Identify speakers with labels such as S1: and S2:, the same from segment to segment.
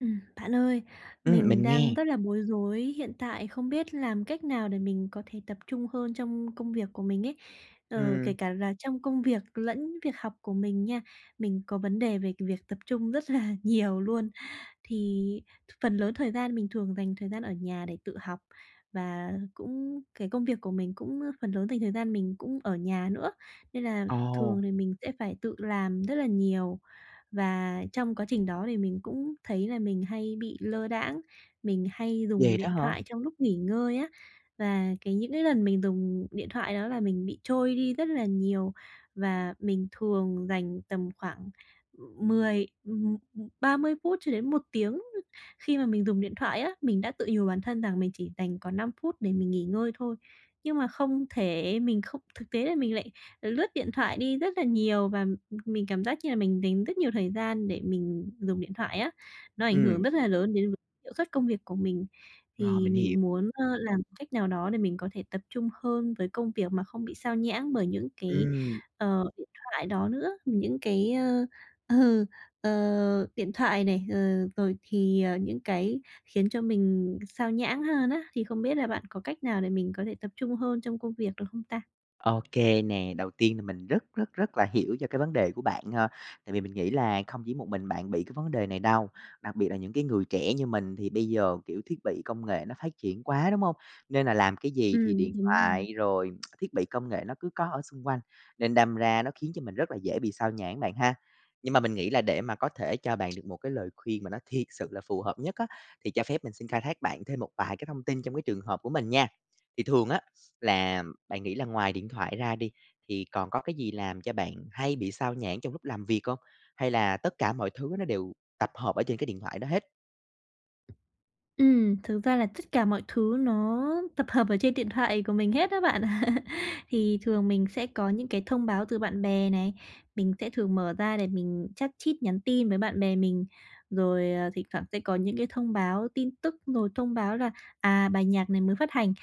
S1: Ừm, bạn ơi,
S2: Ừm,
S1: mình
S2: mình
S1: đang
S2: nghe.
S1: rất là bối rối, hiện tại không biết làm cách nào để mình có thể tập trung hơn trong công việc của mình ấy. Ờ, kể
S2: Ừm.
S1: cả là trong công việc lẫn việc học của mình nha, mình có vấn đề về việc tập trung rất là nhiều luôn. Thì phần lớn thời gian mình thường dành thời gian ở nhà để tự học. Và cũng cái công việc của mình cũng, ơ, phần lớn dành thời gian mình cũng ở nhà nữa, nên là thường
S2: Ồ.
S1: thì mình sẽ phải tự làm rất là nhiều. Và trong quá trình đó thì mình cũng thấy là mình hay bị lơ đãng, mình hay dùng
S2: Vậy đó
S1: điện
S2: hả?
S1: thoại trong lúc nghỉ ngơi á. Và cái những cái lần mình dùng điện thoại đó là mình bị trôi đi rất là nhiều, và mình thường dành tầm khoảng, ưm, mười ừm, ừm, 30 phút cho đến 1 tiếng khi mà mình dùng điện thoại á. Mình đã tự nhủ bản thân rằng mình chỉ dành còn 5 phút để mình nghỉ ngơi thôi, nhưng mà không thể mình không thực tế là mình lại lướt điện thoại đi rất là nhiều, và, ừm, mình cảm giác như là mình dành rất nhiều thời gian để mình dùng điện thoại á. Nó ảnh hưởng
S2: Ừm.
S1: rất là lớn đến v hiệu suất công việc của mình.
S2: Rồi,
S1: Thì
S2: mình hiểu.
S1: mình muốn, ơ, làm một cách nào đó để mình có thể tập trung hơn với công việc mà không bị xao nhãng bởi những cái,
S2: Ừm.
S1: ờ, điện thoại đó nữa. Những cái, ơ, ờ, ờ, điện thoại này, ờ, rồi thì, ờ, những cái khiến cho mình xao nhãng hơn á, thì không biết là bạn có cách nào để mình có thể tập trung hơn trong công việc được không ta?
S2: Ô kê nè, đầu tiên là mình rất, rất, rất là hiểu cho cái vấn đề của bạn ha. Tại vì mình nghĩ là không chỉ một mình bạn bị cái vấn đề này đâu, đặc biệt là những cái người trẻ như mình, thì bây giờ, kiểu, thiết bị công nghệ nó phát triển quá, đúng hông? Nên là làm cái gì thì
S1: Ừm,
S2: điện
S1: đúng rồi.
S2: thoại rồi thiết bị công nghệ nó cứ có ở xung quanh, nên đâm ra nó khiến cho mình rất là dễ bị xao nhãng bạn ha. Nhưng mà mình nghĩ là để mà có thể cho bạn được một cái lời khuyên mà nó thiệt sự là phù hợp nhất á, thì cho phép mình xin khai thác bạn thêm một vài cái thông tin trong cái trường hợp của mình nha. Thì thường á, là bạn nghĩ là ngoài điện thoại ra đi, thì còn có cái gì làm cho bạn hay bị xao nhãng trong lúc làm việc hông? Hay là tất cả mọi thứ nó đều tập hợp ở trên cái điện thoại đó hết?
S1: Ừm, thực ra là tất cả mọi thứ nó tập hợp ở trên điện thoại của mình hết á bạn. Thì thường mình sẽ có những cái thông báo từ bạn bè này, mình sẽ thường mở ra để mình chat chít, nhắn tin với bạn bè mình. Rồi, ờ, thỉnh thoảng sẽ có những cái thông báo, tin tức, rồi thông báo là, à, bài nhạc này mới phát hành,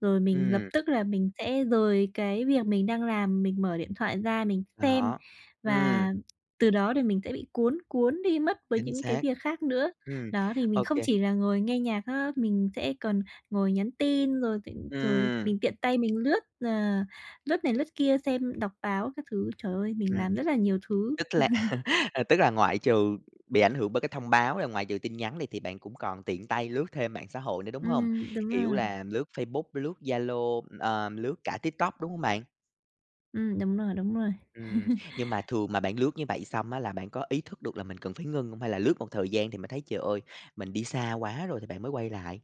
S1: rồi mình lập
S2: Ừm.
S1: tức là mình sẽ rời cái việc mình đang làm, mình mở điện thoại ra mình xem,
S2: Đó. Ừm.
S1: và từ đó thì mình sẽ bị cuốn cuốn đi mất với
S2: Chính
S1: những cái
S2: xác.
S1: việc khác nữa.
S2: Ừm,
S1: Đó, thì mình
S2: ô
S1: không
S2: kê.
S1: chỉ là ngồi nghe nhạc ha, mình sẽ còn ngồi nhắn tin, rồi thị rồi
S2: Ừm.
S1: mình tiện tay mình lướt, ờ, lướt này lướt kia, xem đọc báo các thứ. Trời ơi, mình
S2: Ừm.
S1: làm rất là nhiều thứ.
S2: Tức là ờ, tức là, ngoại trừ bị ảnh hưởng bởi cái thông báo, là ngoại trừ tin nhắn này, thì bạn cũng còn tiện tay lướt thêm mạng xã hội nữa, đúng hông?
S1: Ừm, đúng
S2: Kiểu
S1: rồi.
S2: là lướt Facebook, lướt Zalo, ừm, ờ, lướt cả TikTok, đúng hông bạn?
S1: Ừm, đúng rồi, đúng rồi.
S2: Ừm, nhưng mà thường mà bạn lướt như vậy xong á là bạn có ý thức được là mình cần phải ngưng hông? Hay là lướt một thời gian thì mình thấy "Trời ơi, mình đi xa quá rồi" thì bạn mới quay lại?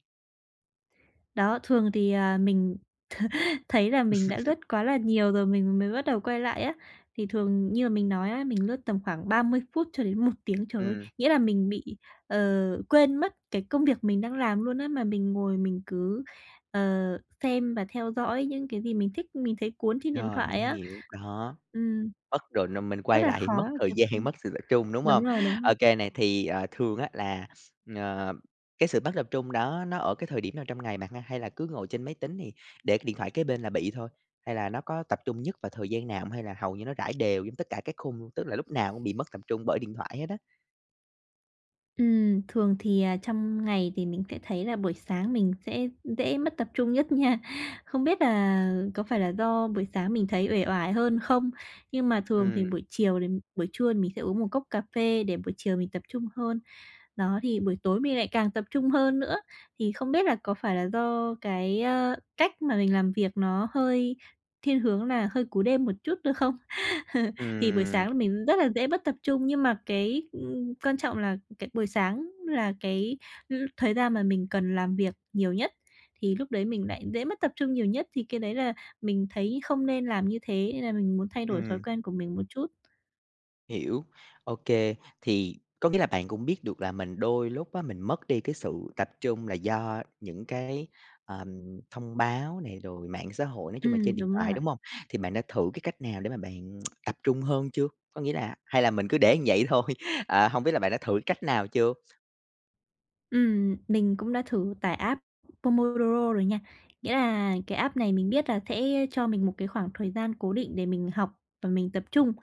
S1: Đó, thường thì, ờ, mình thấy là mình đã lướt quá là nhiều rồi mình mới bắt đầu quay lại á. Thì thường như là mình nói ấy, mình lướt tầm khoảng 30 phút cho đến 1 tiếng, trời ơi,
S2: Ừm.
S1: nghĩa là mình bị, ờ, quên mất cái công việc mình đang làm luôn á, mà mình ngồi mình cứ, ờ, xem và theo dõi những cái gì mình thích, mình thấy cuốn trên điện
S2: Rồi, mình
S1: thoại á.
S2: hiểu. Đó,
S1: Ừm.
S2: mất rồi, nên mình
S1: Rất
S2: quay
S1: là
S2: lại thì
S1: khó
S2: mất thời
S1: tập
S2: gian,
S1: trung.
S2: mất sự tập trung, đúng
S1: Đúng
S2: hông?
S1: rồi, đúng rồi.
S2: OK này, thì, ờ, thường á, là, ờ, cái sự mất tập trung đó nó ở cái thời điểm nào trong ngày bạn ha? Hay là cứ ngồi trên máy tính thì để cái điện thoại kế bên là bị thôi? Hay là nó có tập trung nhất vào thời gian nào hông? Hay là hầu như nó rải đều giống tất cả các khung luôn? Tức là lúc nào cũng bị mất tập trung bởi điện thoại hết á.
S1: Ừm, thường thì, à, trong ngày thì mình sẽ thấy là buổi sáng mình sẽ dễ mất tập trung nhất nha. Không biết là có phải là do buổi sáng mình thấy uể oải hơn không? Nhưng mà thường thì
S2: Ừm.
S1: buổi chiều thì buổi trưa thì mình sẽ uống một cốc cà phê để buổi chiều mình tập trung hơn. Đó, thì buổi tối mình lại càng tập trung hơn nữa. Thì không biết là có phải là do cái, ơ, cách mà mình làm việc nó hơi thiên hướng là hơi cú đêm một chút nữa không? Thì buổi
S2: Ừm.
S1: sáng là mình rất là dễ mất tập trung. Nhưng mà cái, ừm, quan trọng là, cái, buổi sáng là cái, ừm, thời gian mà mình cần làm việc nhiều nhất, thì lúc đấy mình lại dễ mất tập trung nhiều nhất. Thì cái đấy là mình thấy không nên làm như thế, nên là mình muốn thay đổi thói
S2: Ừm.
S1: quen của mình một chút.
S2: Hiểu, ô kê. Thì, có nghĩa là bạn cũng biết được là mình đôi lúc á, mình mất đi cái sự tập trung là do những cái, ờm, thông báo này, rồi mạng xã hội nói chung là
S1: Ừm,
S2: trên điện
S1: đúng
S2: thoại,
S1: rồi.
S2: đúng hông? Thì bạn đã thử cái cách nào để mà bạn tập trung hơn chưa? Có nghĩa là hay là mình cứ để như vậy thôi? Ờ, hông biết là bạn đã thử cách nào chưa?
S1: Ừm, mình cũng đã thử tải app Pomodoro rồi nha. Nghĩa là cái app này mình biết là sẽ cho mình một cái khoảng thời gian cố định để mình học và mình tập trung,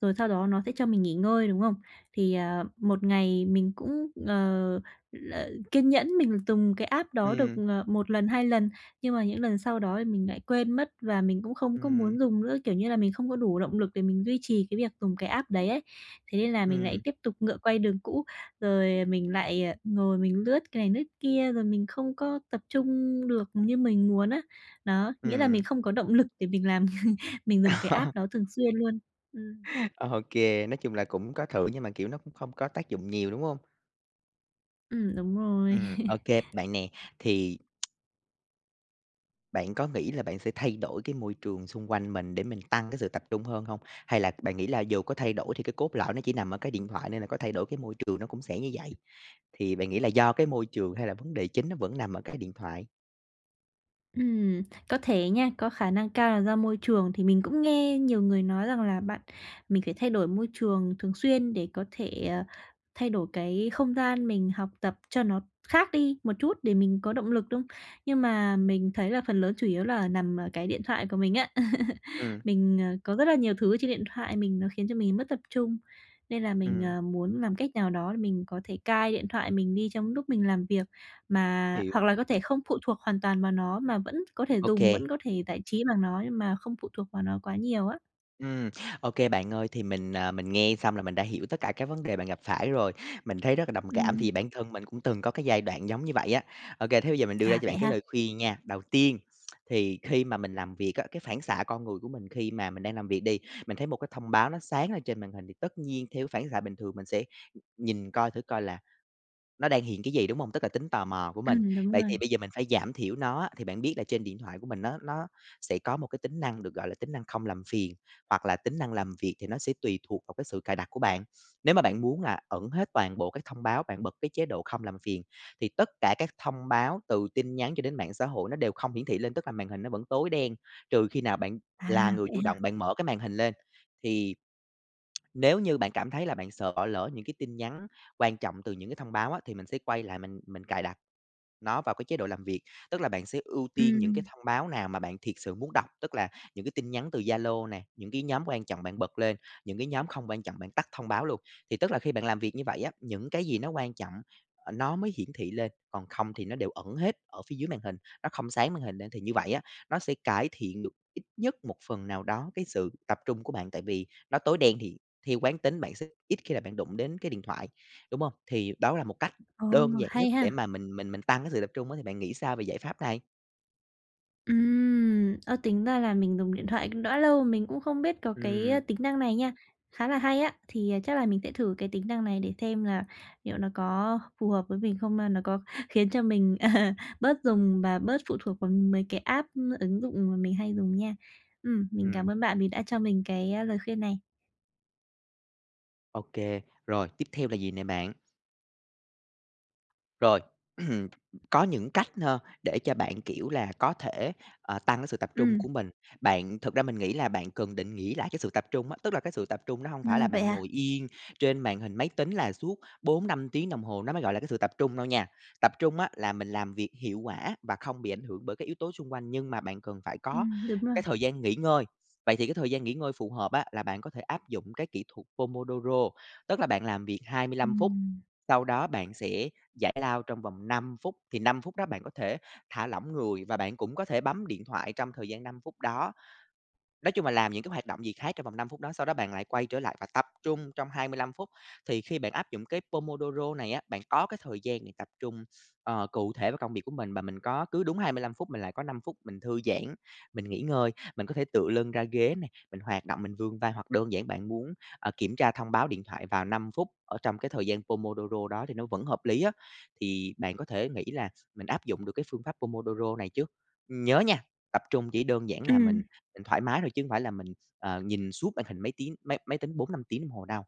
S1: rồi sau đó nó sẽ cho mình nghỉ ngơi, đúng không? Thì, ờ, một ngày mình cũng, ờ, là kiên nhẫn mình dùng cái app đó được,
S2: Ừm.
S1: ờ, 1 lần, 2 lần, nhưng mà những lần sau đó thì mình lại quên mất và mình cũng không có
S2: Ừm.
S1: muốn dùng nữa. Kiểu như là, mình không có đủ động lực để mình duy trì cái việc dùng cái app đấy ấy. Thế nên là mình lại
S2: Ừm.
S1: tiếp tục ngựa quay đường cũ. Rồi mình lại, ờ, ngồi mình lướt cái này lướt kia, rồi mình không có tập trung được như mình muốn á. Đó, nghĩa là
S2: Ừm.
S1: mình không có động lực để mình làm mình dùng cái app đó thường xuyên luôn. Ừm.
S2: Ô kê, nói chung là cũng có thử, nhưng mà, kiểu, nó cũng không có tác dụng nhiều, đúng hông?
S1: Ừm, đúng rồi.
S2: Ừm, ô kê bạn nè, thì Bạn có nghĩ là bạn sẽ thay đổi cái môi trường xung quanh mình để mình tăng cái sự tập trung hơn hông? Hay là bạn nghĩ là dù có thay đổi thì cái cốt lõi nó chỉ nằm ở cái điện thoại, nên là có thay đổi cái môi trường nó cũng sẽ như vậy? Thì bạn nghĩ là do cái môi trường, hay là vấn đề chính nó vẫn nằm ở cái điện thoại?
S1: Ừm, có thể nha. Có khả năng cao là do môi trường, thì mình cũng nghe nhiều người nói rằng là bạn mình phải thay đổi môi trường thường xuyên để có thể, ờ, thay đổi cái không gian mình học tập cho nó khác đi một chút để mình có động lực. Đúng, nhưng mà mình thấy là phần lớn chủ yếu là nằm ở cái điện thoại của mình á.
S2: Ừm.
S1: Mình, ờ, có rất là nhiều thứ ở trên điện thoại mình nó khiến cho mình mất tập trung. Nên là mình,
S2: Ừm.
S1: ờ, muốn làm cách nào đó để mình có thể cai điện thoại mình đi trong lúc mình làm việc. Mà
S2: Hiểu.
S1: hoặc là có thể không phụ thuộc hoàn toàn vào nó, mà vẫn có thể
S2: Ô
S1: dùng,
S2: kê.
S1: vẫn có thể giải trí bằng nó, nhưng mà không phụ thuộc vào nó quá nhiều á.
S2: Ừm, OK bạn ơi. Thì mình, ờ, mình nghe xong là mình đã hiểu tất cả cái vấn đề bạn gặp phải rồi. Mình thấy rất là đồng cảm, thì
S1: Ừm.
S2: bản thân mình cũng từng có cái giai đoạn giống như vậy á. OK, thế bây giờ mình đưa ra
S1: À,
S2: cho
S1: vậy
S2: bạn cái
S1: ha.
S2: lời khuyên nha. Đầu tiên thì khi mà mình làm việc á, cái phản xạ con người của mình khi mà mình đang làm việc đi, mình thấy một cái thông báo nó sáng lên trên màn hình, thì tất nhiên theo cái phản xạ bình thường mình sẽ, ừm, nhìn coi thử coi là nó đang hiện cái gì, đúng hông? Tức là tính tò mò của mình.
S1: Ừm, đúng
S2: Vậy thì
S1: rồi.
S2: bây giờ mình phải giảm thiểu nó á. Thì bạn biết là trên điện thoại của mình nó nó sẽ có một cái tính năng được gọi là tính năng không làm phiền, hoặc là tính năng làm việc, thì nó sẽ tùy thuộc vào cái sự cài đặt của bạn. Nếu mà bạn muốn là ẩn hết toàn bộ các thông báo, bạn bật cái chế độ không làm phiền, thì tất cả các thông báo từ tin nhắn cho đến mạng xã hội nó đều không hiển thị lên. Tức là màn hình nó vẫn tối đen, trừ khi nào bạn
S1: À,
S2: là người
S1: vậy
S2: chủ động
S1: ha.
S2: bạn mở cái màn hình lên, thì nếu như bạn cảm thấy là bạn sợ bỏ lỡ những cái tin nhắn quan trọng từ những cái thông báo á, thì mình sẽ quay lại mình mình cài đặt nó vào cái chế độ làm việc. Tức là bạn sẽ ưu tiên những cái
S1: Ừm.
S2: thông báo nào mà bạn thiệt sự muốn đọc. Tức là những cái tin nhắn từ Zalo nè, những cái nhóm quan trọng bạn bật lên, những cái nhóm không quan trọng bạn tắt thông báo luôn. Thì tức là khi bạn làm việc như vậy á, những cái gì nó quan trọng, ơ, nó mới hiển thị lên, còn không thì nó đều ẩn hết ở phía dưới màn hình, nó không sáng màn hình lên. Thì như vậy á, nó sẽ cải thiện được ít nhất một phần nào đó cái sự tập trung của bạn. Tại vì nó tối đen thì theo quán tính bạn sẽ ít khi là bạn đụng đến cái điện thoại, đúng hông? Thì đó là một cách
S1: Ồ,
S2: đơn giản nhất
S1: hay
S2: để
S1: ha!
S2: mà mình mình mình tăng cái sự tập trung á, thì bạn nghĩ sao về giải pháp này?
S1: Ừm. Ơ, tính ra là mình dùng điện thoại cũng đã lâu mà mình cũng không biết có cái, ơ,
S2: Ừm.
S1: tính năng này nha, khá là hay á. Thì, ờ, chắc là mình sẽ thử cái tính năng này để xem là liệu nó có phù hợp với mình không, hay nó có khiến cho mình, ờ, bớt dùng và bớt phụ thuộc vào mấy cái app, ứng dụng mà mình hay dùng nha. Ừm, mình
S2: Ừm.
S1: cảm ơn bạn vì đã cho mình cái, ơ, lời khuyên này.
S2: Ô kê. Rồi tiếp theo là gì nè bạn? Rồi. Có những cách ha, để cho bạn, kiểu là, có thể, ờ, tăng cái sự tập trung của
S1: Ừm.
S2: mình. Bạn thực ra mình nghĩ là bạn cần định nghĩa lại cái sự tập trung á, tức là cái sự tập trung nó hông
S1: À,
S2: phải là
S1: vậy
S2: bạn
S1: à?
S2: ngồi yên trên màn hình máy tính là suốt 4-5 tiếng đồng hồ nó mới gọi là cái sự tập trung đâu nha. Tập trung á là mình làm việc hiệu quả và không bị ảnh hưởng bởi các yếu tố xung quanh, nhưng mà bạn cần phải có
S1: Ừm, đúng rồi.
S2: cái thời gian nghỉ ngơi. Vậy thì cái thời gian nghỉ ngơi phù hợp á, là bạn có thể áp dụng cái kỹ thuật Pomodoro, tức là bạn làm việc 25 phút,
S1: Ừm.
S2: sau đó bạn sẽ giải lao trong vòng 5 phút. Thì 5 phút đó bạn có thể thả lỏng người, và bạn cũng có thể bấm điện thoại trong thời gian 5 phút đó. Nói chung là làm những cái hoạt động gì khác trong vòng 5 phút đó, sau đó bạn lại quay trở lại và tập trung trong 25 phút. Thì khi bạn áp dụng cái Pomodoro này á, bạn có cái thời gian này tập trung, ờ, cụ thể vào công việc của mình, và mình có cứ đúng 25 phút mình lại có 5 phút mình thư giãn, mình nghỉ ngơi. Mình có thể tựa lưng ra ghế nè, mình hoạt động, mình vươn vai, hoặc đơn giản bạn muốn, ờ, kiểm tra thông báo điện thoại vào 5 phút ở trong cái thời gian Pomodoro đó thì nó vẫn hợp lý á. Thì bạn có thể nghĩ là mình áp dụng được cái phương pháp Pomodoro này chứ? Ừm, nhớ nha, tập trung chỉ đơn giản là mình
S1: Ừm.
S2: mình thoải mái thôi, chứ hông phải là mình, ờ, nhìn suốt màn hình máy tiếng máy máy tính 4-5 tiếng đồng hồ đâu.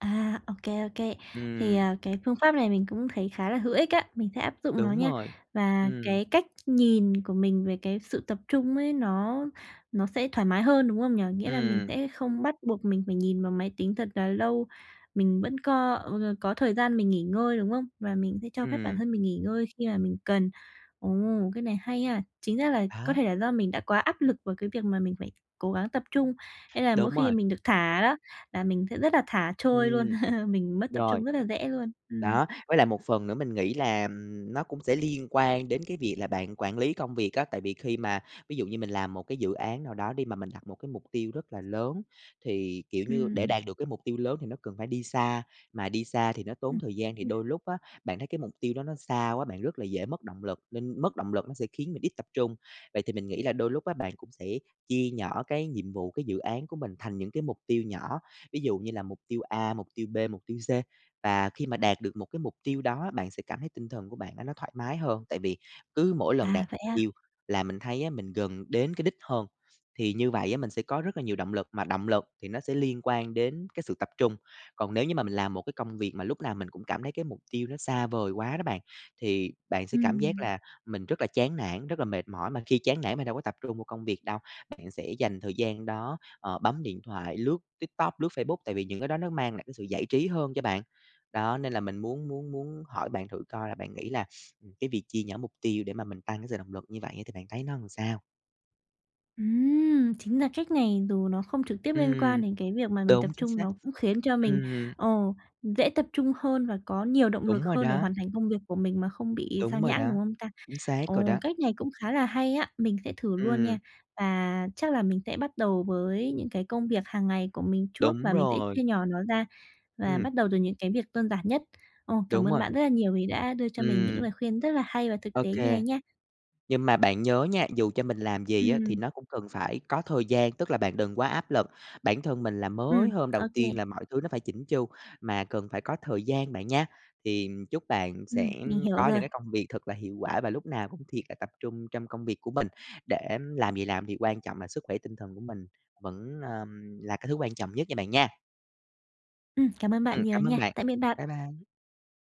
S1: À, ô kê, ô kê. Thì,
S2: Ừm.
S1: ờ, cái phương pháp này mình cũng thấy khá là hữu ích á, mình sẽ áp dụng nó
S2: Đúng
S1: nha.
S2: rồi.
S1: Và
S2: Ừm.
S1: cái cách nhìn của mình về cái sự tập trung ấy, nó nó sẽ thoải mái hơn, đúng không nhỉ? Nghĩa là mình
S2: Ừm.
S1: sẽ không bắt buộc mình phải nhìn vào máy tính thật là lâu, mình vẫn có, ừ, ờ, có thời gian mình nghỉ ngơi, đúng không? Và mình sẽ cho phép bản
S2: Ừm.
S1: thân mình nghỉ ngơi khi mà mình cần. Ồ, cái này hay ha! Chính ra là có
S2: Đó.
S1: thể là do mình đã quá áp lực vào cái việc mà mình phải cố gắng tập trung, nên là mỗi
S2: Đúng
S1: khi
S2: rồi.
S1: mình được thả đó, là mình sẽ rất là thả trôi luôn,
S2: Ừm,
S1: mình mất tập
S2: rồi.
S1: trung rất là dễ luôn, ừm.
S2: Đó, với lại một phần nữa mình nghĩ là, ừm, nó cũng sẽ liên quan đến cái việc là bạn quản lý công việc á. Tại vì khi mà ví dụ như mình làm một cái dự án nào đó đi, mà mình đặt một cái mục tiêu rất là lớn, thì, kiểu như, để
S1: Ừm.
S2: đạt được cái mục tiêu lớn thì nó cần phải đi xa. Mà đi xa thì nó tốn
S1: Ừm,
S2: thời gian, thì
S1: ừm.
S2: đôi lúc á, bạn thấy cái mục tiêu đó nó xa quá, bạn rất là dễ mất động lực, nên mất động lực nó sẽ khiến mình ít tập trung. Vậy thì mình nghĩ là đôi lúc á, bạn cũng sẽ chia nhỏ cái nhiệm vụ, cái dự án của mình thành những cái mục tiêu nhỏ, ví dụ như là mục tiêu A, mục tiêu B, mục tiêu C. Và khi mà đạt được một cái mục tiêu đó, bạn sẽ cảm thấy tinh thần của bạn á, nó thoải mái hơn. Tại vì cứ mỗi lần đạt
S1: À, vậy à?
S2: tiêu là mình thấy á, mình gần đến cái đích hơn, thì như vậy á, mình sẽ có rất là nhiều động lực, mà động lực thì nó sẽ liên quan đến cái sự tập trung. Còn nếu như mà mình làm một cái công việc mà lúc nào mình cũng cảm thấy cái mục tiêu nó xa vời quá đó bạn, thì bạn sẽ cảm giác
S1: Ừm.
S2: là mình rất là chán nản, rất là mệt mỏi. Mà khi chán nản mình đâu có tập trung vào công việc đâu, bạn sẽ dành thời gian đó, ờ, bấm điện thoại, lướt TikTok, lướt Facebook. Tại vì những cái đó nó mang lại cái sự giải trí hơn cho bạn. Đó, nên là mình muốn muốn muốn hỏi bạn thử coi là bạn nghĩ là, ừm, cái việc chia nhỏ mục tiêu để mà mình tăng cái sự động lực như vậy thì bạn thấy nó làm sao?
S1: Ừm, chính ra cách này dù nó không trực tiếp liên quan
S2: Ừm.
S1: đến cái việc mà mình tập
S2: Đúng, chính
S1: trung,
S2: xác.
S1: nó cũng khiến cho mình,
S2: Ừm.
S1: ờ, dễ tập trung hơn và có nhiều động
S2: Đúng
S1: lực
S2: rồi
S1: hơn để
S2: đó.
S1: hoàn thành công việc của mình mà không bị
S2: Đúng
S1: xao
S2: rồi
S1: nhãng,
S2: đó.
S1: đúng không ta?
S2: Chính xác rồi
S1: Ồ,
S2: đó.
S1: cách này cũng khá là hay á, mình sẽ thử luôn
S2: Ừm.
S1: nha. Và chắc là mình sẽ bắt đầu với những cái công việc hàng ngày của mình trước,
S2: Đúng
S1: và mình sẽ
S2: rồi!
S1: chia nhỏ nó ra và
S2: Ừm.
S1: bắt đầu từ những cái việc đơn giản nhất. Ồ, cảm
S2: Đúng
S1: ơn
S2: rồi.
S1: bạn rất là nhiều vì đã đưa cho mình những
S2: Ừm.
S1: lời khuyên rất là hay và thực
S2: Ô
S1: tế như
S2: kê.
S1: này nha.
S2: Nhưng mà bạn nhớ nha, dù cho mình làm gì á thì
S1: Ừm.
S2: nó cũng cần phải có thời gian, tức là bạn đừng quá áp lực bản thân mình là
S1: Ừm,
S2: mới hôm đầu
S1: ô kê.
S2: tiên là mọi thứ nó phải chỉn chu, mà cần phải có thời gian bạn nha. Thì chúc bạn sẽ
S1: Ừm, mình hiểu
S2: có những
S1: rồi.
S2: cái công việc thật là hiệu quả và lúc nào cũng thiệt là tập trung trong công việc của mình, để làm gì làm thì quan trọng là sức khỏe tinh thần của mình vẫn, ờm, là cái thứ quan trọng nhất nha bạn nha.
S1: Ừm, cảm ơn bạn
S2: Ừm,
S1: nhiều
S2: cảm ơn
S1: nha.
S2: bạn.
S1: Tạm biệt bạn!
S2: Bye bye!